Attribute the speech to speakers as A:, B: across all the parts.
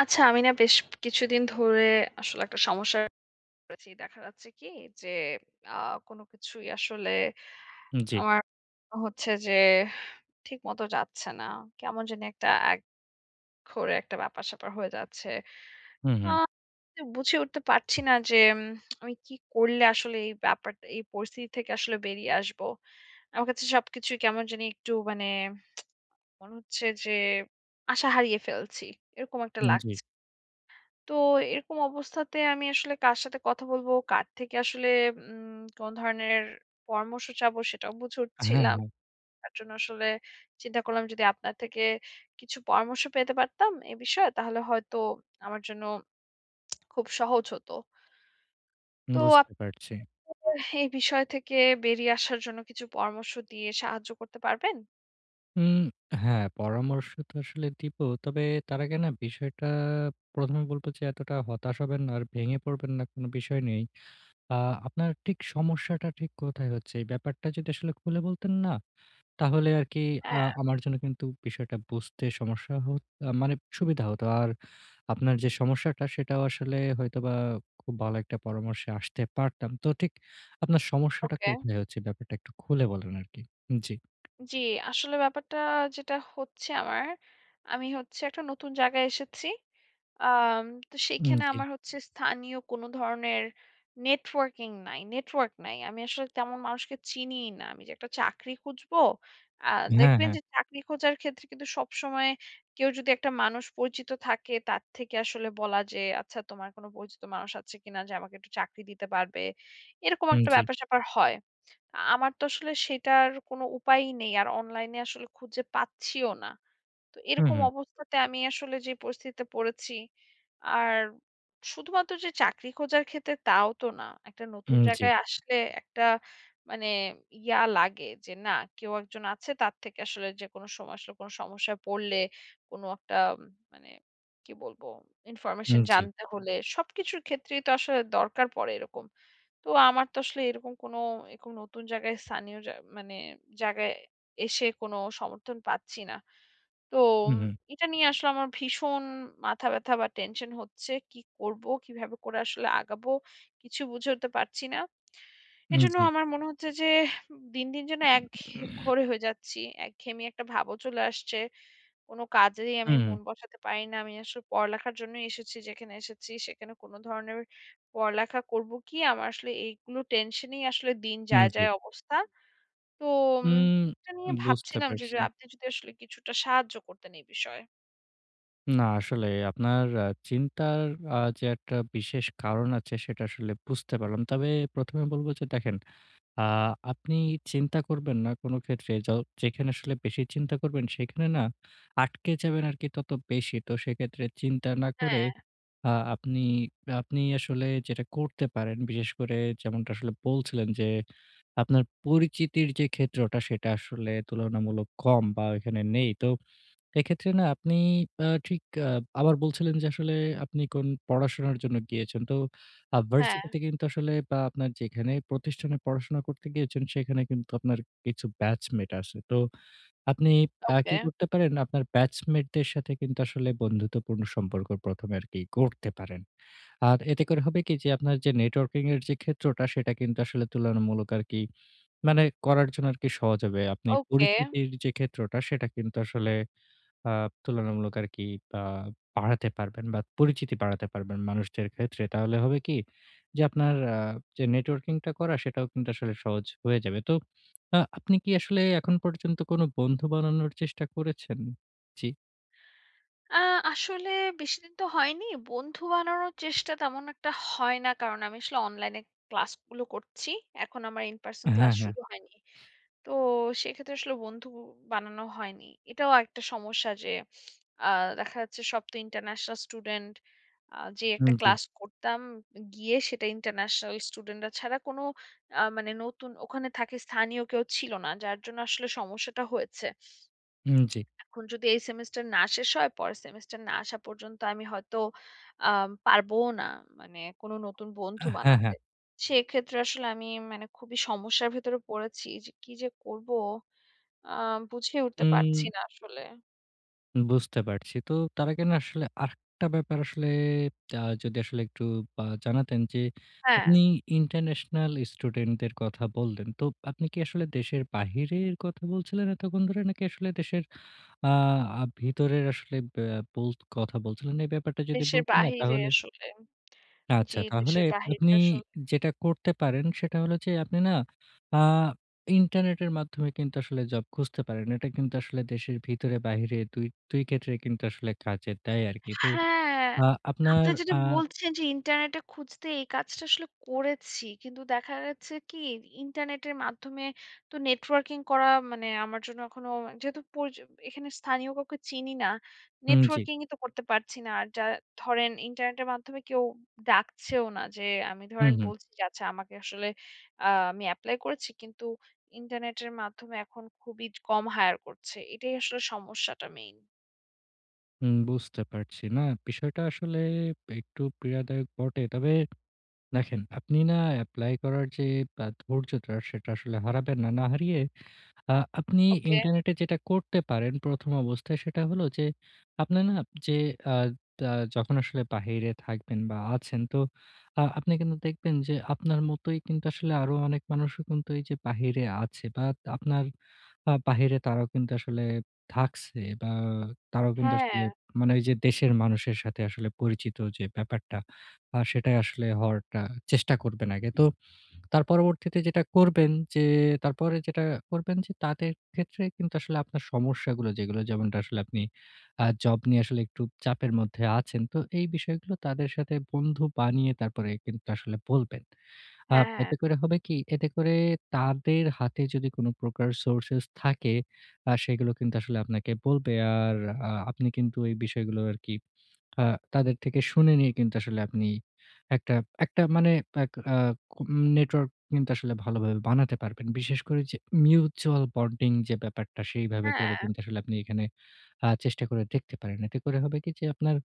A: আচ্ছা, আমি না বেশ কিছুদিন ধরে আসলে একটা সমস্যায় পড়েছি, দেখা যাচ্ছে কি যে, আ কোনো কিছুই আসলে
B: হুম, জি।
A: আমার মনে হচ্ছে যে ঠিকমতো যাচ্ছে না। কেমন জানি একটা একঘরে একটা ব্যাপার স্যাপার হয়ে যাচ্ছে।
B: হুম,
A: আ
B: হুম।
A: বুঝে উঠতে পারছি না যে উম আমি কী করলে আসলে এই ব্যাপারটা, এই পরিস্থিতি থেকে আসলে বেরিয়ে আসবো? আমার কাছে সবকিছুই কেমন জানি একটু মানে মনে হচ্ছে যে আশা হারিয়ে ফেলছি, এরকম একটা
B: হুম, জি।
A: লাগছে। তো এরকম অবস্থাতে আমি আসলে কার সাথে কথা বলবো? কার থেকে আসলে উম কোন ধরনের পরামর্শ চাবো? সেটাও বুঝে
B: হ্যাঁ,
A: উঠছিলাম।
B: হ্যাঁ।
A: তার জন্য আসলে চিন্তা করলাম যদি আপনার থেকে কিছু পরামর্শ পেতে পারতাম এই বিষয়ে তাহলে হয়তো আমার জন্য খুব সহজ হত। তো আপ
B: বুঝতে পারছি।
A: [unintelligible] এই বিষয় থেকে বেরিয়ে আসার জন্য কিছু পরামর্শ দিয়ে সাহায্য করতে পারবেন?
B: উম হ্যাঁ, পরামর্শ তো আসলে দিবো, তবে তার আগে না বিষয়টা, প্রথমে বলবো যে এতটা হতাশ হবেন না আর ভেঙে পড়বেন না, কোনো বিষয় নেই। আ আপনার ঠিক সমস্যাটা ঠিক কোথায় হচ্ছে? এই ব্যাপারটা যদি আসলে খুলে বলতেন না, তাহলে আরকি আ
A: হ্যাঁ।
B: আমার জন্য কিন্তু বিষয়টা বুঝতে সমস্যা হত মানে সুবিধা হতো। আর আপনার যে সমস্যাটা সেটাও আসলে হয়তোবা খুব ভালো একটা পরামর্শে আসতে পারতাম। তো ঠিক আপনার সমস্যাটা
A: ওকে।
B: কোথায় হচ্ছে? ব্যাপারটা একটু খুলে বলেন আরকি, জি।
A: জি, আসলে ব্যাপারটা যেটা হচ্ছে আমার, আমি হচ্ছে একটা নতুন জায়গায় এসেছি আম তো
B: হুম,
A: সেখানে
B: জি।
A: আমার হচ্ছে স্থানীয় কোন ধরনের নেটওয়র্কিং নাই, নেটওয়ার্ক নাই। আমি আসলে তেমন মানুষকে চিনিই না। আমি যে একটা চাকরি খুঁজবো, আ
B: হ্যাঁ,
A: দেখবেন
B: হ্যাঁ।
A: যে চাকরি খোঁজার ক্ষেত্রে কিন্তু সবসময় কেউ যদি একটা মানুষ পরিচিত থাকে, তার থেকে আসলে বলা যে, আচ্ছা তোমার কোনো পরিচিত মানুষ আছে কী না? যে আমাকে একটু চাকরি দিতে পারবে, এরকম
B: হুম,
A: একটা
B: জি।
A: ব্যাপার-স্যাপার হয়। আ আমার তো আসলে সেটার কোনো উপায়ই নেই, আর অনলাইনে আসলে খুঁজে পাচ্ছিও না। তো
B: হুম,
A: এরকম
B: হুম।
A: অবস্থাতে আমি আসলে যে পরিস্থিতিতে পড়েছি, আর শুধুমাত্র যে চাকরি খোঁজার ক্ষেত্রে তাও তো না, একটা নতুন
B: হুম, জি।
A: জায়গায় আসলে একটা মানে ইয়া লাগে যে, না কেউ একজন আছে তার থেকে আসলে যে কোন সময় আসলে কোন সমস্যা পড়লে, কোন একটা মানে কী বলব? ইনফরমেশন
B: হুম, জি।
A: জানতে হলে সবকিছুর ক্ষেত্রেই তো আসলে দরকার পড়ে এরকম। তো আমার তো আসলে এরকম কোনো এরকম নতুন জায়গায় স্থানীয় যা মানে জায়গায় এসে কোনো সমর্থন পাচ্ছি না। তো
B: হুম,
A: ম
B: হুম।
A: এটা নিয়ে আসলে আমার ভীষণ মাথা ব্যাথা বা টেনশন হচ্ছে, কী করবো? কীভাবে করে আসলে আগাবো? কিছু বুঝে উঠতে পারছি না।
B: হুম,
A: এজন্য
B: জি।
A: আমার মনে হচ্ছে যে দিন, দিন যেন একঘেয়ে ঘোরে হয়ে যাচ্ছি, একঘেয়েমি একটা ভাবও চলে আসছে। কোন কাজেই আমি
B: হুম, হুম।
A: মন বসাতে পারি না। আমি আসলে পড়ালেখার জন্য এসেছি, যেখানে এসেছি সেখানে কোন ধরনের পড়ালেখা করব কী? আমার আসলে এইগুলো টেনশনেই আসলে দিন
B: হুম,
A: যায়,
B: জি।
A: যায় অবস্থা। তো উম
B: উম,
A: এটা নিয়ে
B: বুঝতে
A: ভাবছিলাম যে, যে
B: পারছি।
A: আপনি যদি আসলে কিছুটা সাহায্য করতেন এই বিষয়ে।
B: না আসলে আপনার আ চিন্তার আ যে একটা বিশেষ কারণ আছে সেটা আসলে বুঝতে পারলাম। তবে প্রথমে বলব যে দেখেন, আ আপনি চিন্তা করবেন না কোনো ক্ষেত্রে য যেখানে আসলে বেশি চিন্তা করবেন সেখানে না আটকে যাবেন আরকি তত বেশি। তো সেক্ষেত্রে চিন্তা না করে
A: হ্যাঁ।
B: আ আপনি আপনি আসলে যেটা করতে পারেন, বিশেষ করে যেমনটা আসলে বলছিলেন যে আপনার পরিচিতির যে ক্ষেত্রটা সেটা আসলে তুলনামূলক কম বা ওইখানে নেই। তো এক্ষেত্রে না আপনি আ ঠিক আব আবার বলছিলেন যে আসলে আপনি কোন পড়াশোনার জন্য গিয়েছেন। তো
A: হ্যাঁ।
B: ভারসিটিতে কিন্তু আসলে আ আপনার যেখানে প্রতিষ্ঠানে পড়াশোনা করতে গিয়েছেন সেখানে কিন্তু আপনার কিছু ব্যাচমেট আছে। তো আপনি আ
A: ওকে।
B: কী করতে পারেন আপনার ব্যাচমেট দের সাথে কিন্তু আসলে বন্ধুত্বপূর্ণ সম্পর্ক প্রথমে আরকি গড়তে পারেন। আর এতে করে হবে কী যে আপনার যে নেটওয়র্কিং এর যে ক্ষেত্রটা সেটা কিন্তু আসলে তুলনামূলক আরকি মানে করার জন্য আরকি সহজ হবে। আপনি
A: ওকে।
B: পরিচিতির যে ক্ষেত্রটা সেটা কিন্তু আসলে আপ তুলনামূলক আরকি বা বাড়াতে পারবেন বা পরিচিতি বাড়াতে পারবেন মানুষদের ক্ষেত্রে। তাহলে হবে কী, যে আপনার আ যে নেটওয়র্কিং টা করা সেটাও কিন্তু আসলে সহজ হয়ে যাবে। তো আ আপনি কী আসলে এখন পর্যন্ত কোনো বন্ধু বানানোর চেষ্টা করেছেন? জি।
A: আ আসলে বেশিদিন তো হয়নি। বন্ধু বানানোর চেষ্টা তেমন একটা হয় না কারণ আমি আসলে অনলাইনে ক্লাসগুলো করছি। এখন আমার in-person
B: হ্যাঁ,
A: ক্লাস
B: হ্যাঁ।
A: শুরু হয়নি। তো সেক্ষেত্রে আসলে বন্ধু বানানো হয়নি। এটাও একটা সমস্যা যে আ দেখা যাচ্ছে সব তো ইন্টারন্যাশনাল স্টুডেন্ট আ যে একটা
B: উম, জি।
A: ক্লাস করতাম গিয়ে সেটা ইন্টারন্যাশনাল স্টুডেন্টরা ছাড়া কোনো আ মানে নতুন ওখানে থাকে স্থানীয় কেউ ছিল না। যার জন্য আসলে সমস্যাটা হয়েছে।
B: হুম, জি।
A: এখন যদি এই সেমেস্টার না শেষ হয় পরের সেমেস্টার না আসা পর্যন্ত আমি হয়তো আম পারবও না, মানে কোনো নতুন বন্ধু
B: হ্যাঁ,
A: বানাতে।
B: হ্যাঁ।
A: সেক্ষেত্রে আসলে আমি মানে খুবই সমস্যার ভেতরে পড়েছি যে কী যে করব আ বুঝেই উঠতে পারছি
B: উম।
A: না আসলে।
B: বুঝতে পারছি। তো তারা কেনো আসলে আরেকটা ব্যাপার আসলে আ যদি আসলে একটু বা জানাতেন যে আপনি
A: হ্যা।
B: ইন্টারন্যাশনাল স্টুডেন্টদের কথা বল্লেন। তো আপনি কী আসলে দেশের বাহিরের কথা বলছিলেন এতক্ষণ ধরে নাকি আসলে দেশের আ ভিতরের আসলে ব্যা বোলত কথা বলছিলেন? এই ব্যাপারটা যদি
A: দেশের
B: বলতেন না
A: বাহিরে
B: তাহলে
A: আসলে। জি,
B: আচ্ছা তাহলে
A: দেশের বাহিরে
B: আপনি
A: আসলে।
B: যেটা করতে পারেন সেটা হলো যে আপনি না আ ইন্টারনেটের মাধ্যমে কিন্তু আসলে জব খুঁজতে পারেন। এটা কিন্তু আসলে দেশের ভিতরে বাহিরে ২ ২ ক্ষেত্রেই কিন্তু আসলে কাজে দেয় আরকি। তো
A: হ্যাঁ,
B: আপনার
A: আপনি যেটা
B: আ
A: বলছেন যে ইন্টারনেটে খুঁজতে এই কাজটা আসলে করেছি। কিন্তু দেখা গেছে কী ইন্টারনেটের মাধ্যমে তো নেটওয়ার্কিং করা মানে আমার জন্য এখনো যেহেতু পরিচ এখানে স্থানীয় কাউকে চিনি না।
B: হুম, জি।
A: নেটওয়ার্কিং-ই তো করতে পারছি না। আর যারা ধরেন ইন্টারনেটের মাধ্যমে কেউ ডাকছেও না যে আমি
B: হুম,
A: ধরেন
B: হুম।
A: বলছি যে আচ্ছা আমাকে আসলে আ আমি এপ্লাই করেছি কিন্তু ইন্টারনেটের মাধ্যমে এখন খুবই য কম হায়ার করছে। এটাই আসলে সমস্যাটা মেইন।
B: হুম, বুঝতে পারছি। না বিষয়টা আসলে একটু পীড়াদায়ক বটে। তবে দেখেন আপনি না এপ্লাই করার যে ব্য ধৈর্যটা সেটা আসলে হারাবেন না। না হারিয়ে আ আপনি
A: ওকে।
B: ইন্টারনেটে যেটা করতে পারেন ১ম অবস্থায় সেটা হলো যে আপনার না যে আ আ যখন আসলে বাহিরে থাকবেন বা, আছেন তো আ আপনি কিন্তু দেখবেন যে আপনার মতোই কিন্তু আসলে আরো অনেক মানুষ কিন্তু এই যে বাহিরে আছে বা, আপনার আ বাহিরে তারাও কিন্তু আসলে থাকছে বা, তারাও কিন্তু আসলে
A: হ্যাঁ।
B: মানে এই যে দেশের মানুষের সাথে আসলে পরিচিত যে ব্যাপারটা আ সেটাই আসলে হওয়ার একটা চেষ্টা করবেন আগে। তো তার পরবর্তীতে যেটা করবেন যে তারপরে যেটা করবেন তাদের ক্ষেত্রে কিন্তু আসলে আপনার সমস্যাগুলো যেগুলো যেমনটা আসলে আপনি আ জব নিয়ে আসলে একটু চাপের মধ্যে আছেন। তো এই বিষয়গুলো তাদের সাথে বন্ধু বানিয়ে তারপরে কিন্তু আসলে বলবেন। আ
A: হ্যাঁ, হ্যাঁ।
B: এতে করে হবে কি? এতে করে তাদের হাতে যদি কোন প্রকার সোর্সেস থাকে আ সেগুলো কিন্তু আসলে আপনাকে বলবে। আর আ আপনি কিন্তু এই বিষয়গুলো আরকি আ তাদের থেকে শুনে নিয়ে কিন্তু আসলে আপনি একটা একটা মানে আ আ নেটওয়ার্ক কিন্তু আসলে ভালোভাবে বানাতে পারবেন। বিশেষ করে এই যে মিউচুয়াল বন্ডিং যে ব্যাপারটা সেইভাবে করে
A: হ্যাঁ।
B: কিন্তু আপনি এখানে আ চেষ্টা করে দেখতে পারেন। এতে করে হবে কি যে আপনার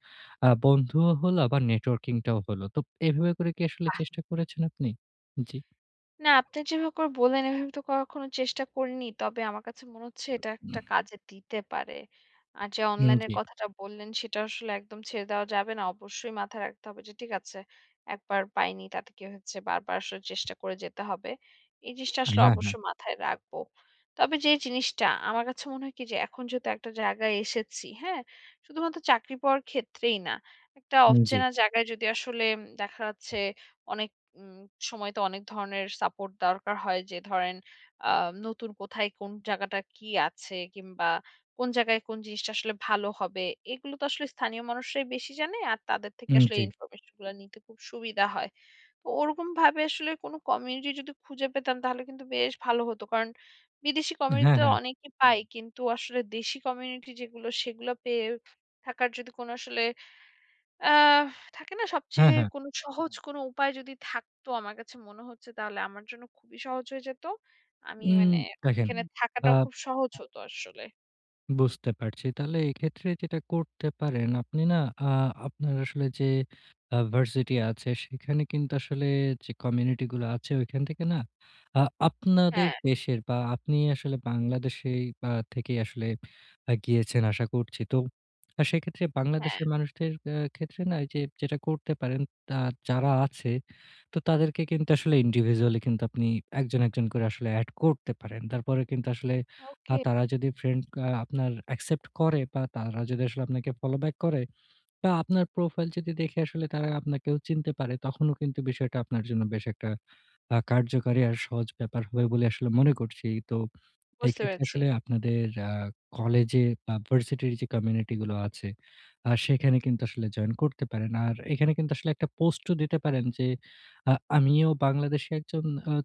B: আ বন্ধুও হলো, আবার নেটওয়ার্কিং টাও হলো। তো এভাবে করে কি আসলে
A: বাহ!
B: চেষ্টা করেছেন আপনি? জি।
A: না, আপনি যেভাবে করে বললেন, এভাবে তো কখনো চেষ্টা করিনি। তবে আমার কাছে মনে হচ্ছে এটা একটা কাজে দিতে পারে। আর যে
B: হুম,
A: অনলাইন এর
B: জি।
A: কথাটা বললেন সেটা আসলে একদম ছেড়ে দেওয়া যাবে না। অবশ্যই মাথায় রাখতে হবে যে ঠিক আছে। একবার পাইনি। তাতে কি হচ্ছে বারবার আসলে চেষ্টা করে যেতে হবে। এই জিনিসটা আসলে
B: হ্যাঁ, হ্যাঁ।
A: অবশ্যই মাথায় রাখব। তবে যে জিনিসটা আমার কাছে মনে হয় কি যে এখন যেহেতু একটা জায়গায় এসেছি, হ্যাঁ? শুধুমাত্র চাকরি পাওয়ার ক্ষেত্রেই না। একটা
B: উম জ্বী।
A: অচেনা জায়গায় যদি আসলে দেখা যাচ্ছে অনেক উম সময় তো অনেক ধরনের সাপোর্ট দরকার হয় যে ধরেন আ নতুন কোথায় কোন জায়গাটা কি আছে? কিংবা কোন জায়গায় কোন জিনিসটা আসলে ভালো হবে? এগুলো তো আসলে স্থানীয় মানুষরাই বেশি জানে আর তাদের থেকে
B: উম
A: আসলে
B: জী।
A: ইনফরমেশন গুলো নিতে খুব সুবিধা হয়। তো ওরকমভাবে আসলে কোনো কমিউনিটি যদি খুঁজে পেতাম তাহলে কিন্তু বেশ ভালো হতো কারণ বিদেশি
B: আ হ্যাঁ,
A: কমিউনিটিতে
B: হ্যাঁ।
A: অনেকেই পায় কিন্তু আসলে দেশি কমিউনিটি যেগুলো সেগুলো পেয়ে থাকার যদি কোনো আসলে অ্যা থাকে না
B: হ্যাঁ,
A: সবচেয়ে
B: হ্যাঁ।
A: কোনো সহজ উপায় যদি থাকতো আমার কাছে মনে হচ্ছে তাহলে আমার জন্য খুবই সহজ হয়ে যেত। আমি
B: উম
A: মানে
B: দেখেন
A: এখানে
B: আ
A: থাকাটাও খুব সহজ হত আসলে।
B: বুঝতে পারছি। তাহলে এক্ষেত্রে যেটা করতে পারেন, আপনি না আ আপনার আসলে যে আ ভার্সিটি আছে সেখানে কিন্তু আসলে যে কমিউনিটি গুলো আছে ওখান থেকে না আ আপনাদের
A: হ্যাঁ।
B: দেশের বা আপনি আসলে বাংলাদেশেই আ থেকেই আসলে গিয়েছেন আশা করছি। তো সেক্ষেত্রে
A: হ্যাঁ।
B: বাংলাদেশের মানুষদের অ্যা ক্ষেত্রে না যে যেটা করতে পারেন তা যারা আছে তো তাদেরকে কিন্তু আসলে indivisually কিন্তু আপনি একজন একজন করে আসলে এড করতে পারেন। তারপরে কিন্তু আসলে আ
A: ওকে।
B: তারা যদি ফ্রেন্ড আপনার accept করে বা তারা যদি আসলে আপনাকে follow back করে বা আপনার প্রোফাইল যদি দেখে আসলে তারা আপনাকেও চিনতে পারে তখনও কিন্তু বিষয়টা আপনার জন্য বেশ একটা আ কার্যকারী আর সহজ ব্যাপার হবে বলে আসলে মনে করছি। তো
A: বুঝতে
B: এক্ষেত্রে
A: পেয়েছি।
B: আসলে আপনাদের আ কলেজে বা ভার্সিটির যে কমিউনিটি গুলো আছে, আ সেখানে কিন্তু আসলে জয়েন করতে পারেন। আর এখানে কিন্তু আসলে একটা পোস্টও দিতে পারেন যে আ আমিও বাংলাদেশে একজন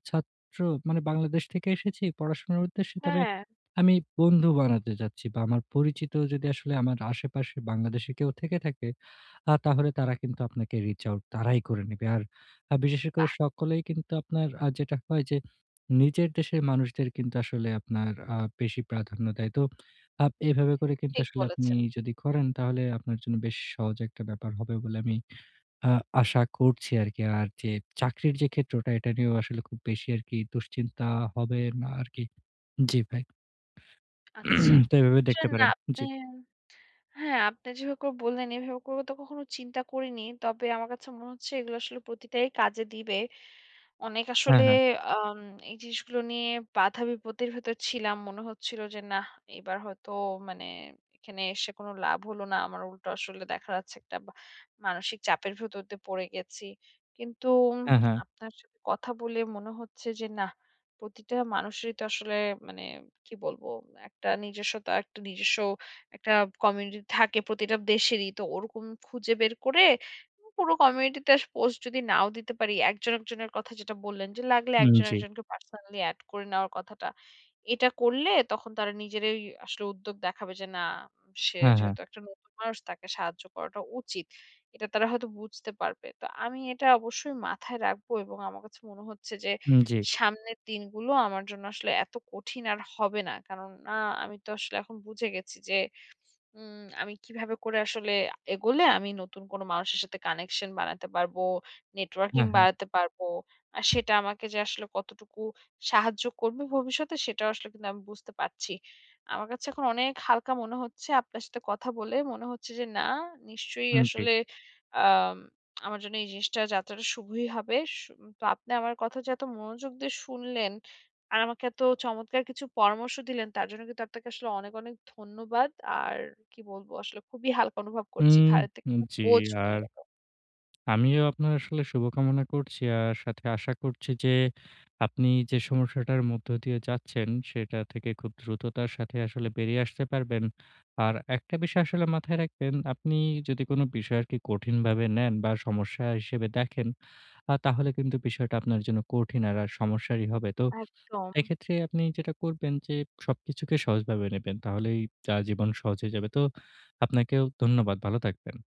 B: ছাত্র মানে বাংলাদেশ থেকে এসেছি পড়াশোনার উদ্দেশ্যে। তবে
A: হ্যাঁ।
B: আমি বন্ধু বানাতে চাচ্ছি বা আমার পরিচিত যদি আসলে আমার আশেপাশে বাংলাদেশী কেউ থেকে থাকে, আ তাহলে তারা কিন্তু আপনাকে reach out তারাই করে নিবে। আর বিশেষ স করে
A: বাহ!
B: সকলেই কিন্তু আপনার আ যেটা হয় যে নিজের দেশের মানুষদের কিন্তু আসলে আপনার আ বেশি প্রাধান্য দেয়। তো আব এভাবে করে কিন্তু
A: ঠিক
B: আসলে আপনি
A: বলেছেন।
B: যদি করেন তাহলে আপনার জন্য বেশ সহজ একটা ব্যাপার হবে বলে আমি আ আশা করছি আরকি। আর যে চাকরির যে ক্ষেত্রটা এটা নিয়েও আসলে খুব বেশি আরকি দুশ্চিন্তা হবে না আরকি জ্বি ভাই।
A: আচ্ছা।
B: তো এভাবে দেখতে পারেন।
A: [unintelligible]
B: জি।
A: হ্যাঁ আপনি যেভাবে করে বল্লেন এভাবে করে তো কখনো চিন্তা করিনি। তবে আমার কাছে মনে হচ্ছে এগুলো আসলে প্রতিটাই কাজে দিবে। অনেক
B: হ্যাঁ,
A: আসলে
B: হ্যাঁ।
A: আম এই জিনিসগুলো নিয়ে বাধা-বিপত্তির ভেতর ছিলাম। মনে হচ্ছিল যে নাহ এবার হয়তো মানে এখানে এসে কোনো লাভ হলো না। আমার উল্টো আসলে দেখা যাচ্ছে একটা বা মানসিক চাপের ভেতর দিয়ে পড়ে গেছি। কিন্তু
B: হ্যাঁ, হ্যাঁ।
A: আপনার সাথে কথা বলে মনে হচ্ছে যে নাহ, প্রতিটা মানুষেরই তো আসলে মানে কী বলব, একটা নিজস্বতা একটা নিজস্ব একটা কমিউনিটি থাকে প্রতিটা দেশেরই। তো ওরকম খুঁজে বের করে পুরো কমিউনিটিতে পোস্ট যদি নাও দিতে পারি, একজন একজনের কথা যেটা বল্লেন, যে লাগলে
B: হুম,
A: একজন
B: জ্বী।
A: একজনকে পার্সোনালি এড করে নেওয়ার কথাটা। এটা করলে তখন তারা নিজেরাই আসলে উদ্যোগ দেখাবে যে না "সে
B: হ্যাঁ, হ্যাঁ।
A: যেহেতু একটা নতুন মানুষ তাকে সাহায্য করাটা উচিত।" এটা তারা হয়তো বুঝতে পারবে। তো আমি এটা অবশ্যই মাথায় রাখব এবং আমার কাছে মনে হচ্ছে যে
B: উম জ্বী।
A: সামনের দিনগুলো আমার জন্য আসলে এত কঠিন আর হবে না। কারণ আ আমি তো আসলে এখন বুঝে গেছি যে উম আমি কিভাবে করে আসলে আ এগোলে আমি নতুন কোনো মানুষের সাথে কানেকশন বানাতে পারবো, নেটওয়ার্কিং
B: হ্যাঁ, হ্যাঁ।
A: বাড়াতে পারব। আর সেটা আমাকে যে আসলে কতটুকু সাহায্য করবে ভবিষ্যতে সেটাও আসলে কিন্তু আমি বুঝতে পারছি। আমার কাছে এখন অনেক হালকা মনে হচ্ছে আপনার সাথে কথা বলে। মনে হচ্ছে যে না নিশ্চয়ই
B: হুম, জ্বী।
A: আসলে আম আমার জন্য এই জিনিসটা যাত্রাটা শুভই হবে। সু তো আপনি আমার কথা যে এত মনোযোগ দিয়ে শুনলেন আর আমাকে এত চমৎকার কিছু পরামর্শ দিলেন তার জন্য কিন্তু আপনাকে আসলে অনেক, অনেক ধন্যবাদ। আর কী বলবো, আসলে খুবই হালকা অনুভব করছি,
B: উম
A: ঘাড়ে থেকে
B: হু। জি,
A: বোঝা কমে
B: আর
A: গেল।
B: আমিও আপনার আসলে শুভকামনা করছি। আর সাথে আশা করছি যে আপনি যে সমস্যাটার মধ্য দিয়ে যাচ্ছেন সেটা থেকে খুব দ্রুততার সাথে আসলে বেরিয়ে আসতে পারবেন। আর একটা বিষয় আসলে মাথায় রাখবেন, আপনি যদি কোনো বিষয়কে কঠিনভাবে নেন বা সমস্যা হিসেবে দেখেন আ তাহলে কিন্তু বিষয়টা আপনার জন্য কঠিন আর সমস্যারই হবে। তো
A: একদম।
B: এক্ষেত্রে আপনি যেটা করবেন যে সবকিছুকে সহজভাবে নেবেন। তাহলেই যা জীবন সহজ হয়ে যাবে। তো আপনাকেও ধন্যবাদ ভালো থাকবেন।